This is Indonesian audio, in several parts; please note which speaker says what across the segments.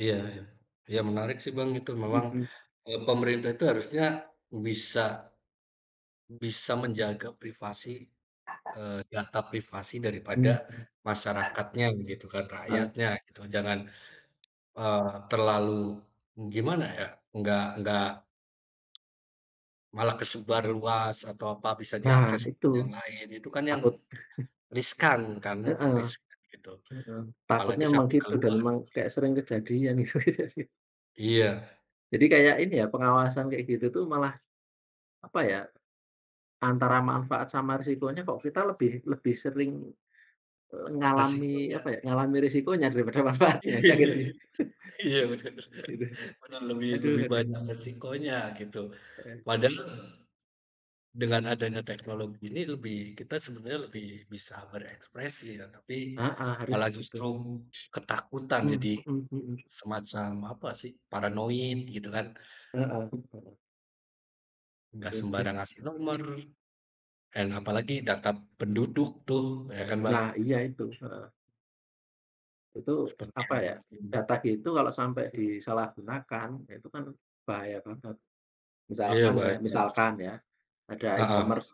Speaker 1: Iya. Iya menarik sih Bang itu. Memang
Speaker 2: Mhm.
Speaker 1: e pemerintah itu harusnya bisa bisa menjaga privasi, eee, data privasi daripada
Speaker 2: Mhm.
Speaker 1: masyarakatnya gitu kan,
Speaker 2: Heeh.
Speaker 1: rakyatnya, gitu. Jangan, eee, terlalu gimana ya, nggak nggak malah kesebar luas atau apa, bisa
Speaker 2: Nah
Speaker 1: diakses
Speaker 2: itu,
Speaker 1: yang lain. Itu kan yang
Speaker 2: takut.
Speaker 1: riskan kan, yang
Speaker 2: Heeh.
Speaker 1: riskan, gitu.
Speaker 2: Heeh,
Speaker 1: Apalagi
Speaker 2: takutnya memang
Speaker 1: sampai
Speaker 2: gitu dan
Speaker 1: keluar,
Speaker 2: memang kayak sering
Speaker 1: gitu.
Speaker 2: kejadian itu.
Speaker 1: Iya.
Speaker 2: Jadi kayak
Speaker 1: Ya
Speaker 2: ini ya pengawasan kayak gitu tuh malah, apa ya, antara manfaat sama resikonya kok kita lebih lebih sering e ngalami apa
Speaker 1: Risikonya.
Speaker 2: ya, ngalami resikonya daripada manfaatnya, ya gak sih.
Speaker 1: Iya, bener
Speaker 2: Gitu.
Speaker 1: bener lebih
Speaker 2: Aduh
Speaker 1: lebih
Speaker 2: aduh.
Speaker 1: banyak resikonya gitu,
Speaker 2: Heeh.
Speaker 1: padahal dengan adanya teknologi ini lebih kita sebenarnya lebih bisa berekspresi, tetapi
Speaker 2: Heeh,
Speaker 1: malah
Speaker 2: harusnya gitu.
Speaker 1: justru ketakutan
Speaker 2: Mmm,
Speaker 1: jadi
Speaker 2: mhm mhm.
Speaker 1: semacam apa sih, paranoid, gitu kan.
Speaker 2: Heeh. [unintelligible]
Speaker 1: Nggak sembarang ngasih nomor,
Speaker 2: [unintelligible]
Speaker 1: dan apalagi data penduduk tuh, ya kan Bang?
Speaker 2: Nah, ya itu, heeh. Itu,
Speaker 1: Seperti
Speaker 2: apa ya,
Speaker 1: itu.
Speaker 2: data gitu kalau sampai disalahgunakan ya itu kan bahaya banget.
Speaker 1: Iya
Speaker 2: Misalkan ya
Speaker 1: baik banget sih.
Speaker 2: misalkan ya, ada
Speaker 1: Paham.
Speaker 2: e-commerce,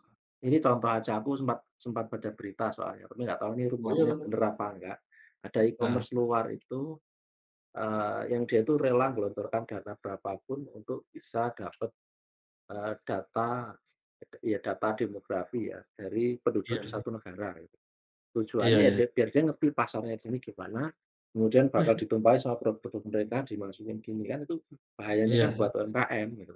Speaker 2: ini contoh aja aku sempat sempat baca berita soalnya, tapi aku nggak tahu ini rumornya
Speaker 1: Bener.
Speaker 2: bener apa nggak. Ada
Speaker 1: Nah.
Speaker 2: e-commerce luar itu, eee, yang dia itu rela nggelontorkan dana berapapun untuk bisa dapet, eee, data, ya data demografi ya, dari penduduk di
Speaker 1: Iya.
Speaker 2: satu negara, gitu.
Speaker 1: Iya
Speaker 2: Tujuannya ya
Speaker 1: iya.
Speaker 2: dia biar dia ngerti pasarnya di sini gimana, kemudian bakal ditumpahin sama produk-produk mereka, dimasukin gini kan itu bahayanya kan
Speaker 1: Iya.
Speaker 2: buat UMKM, gitu kan.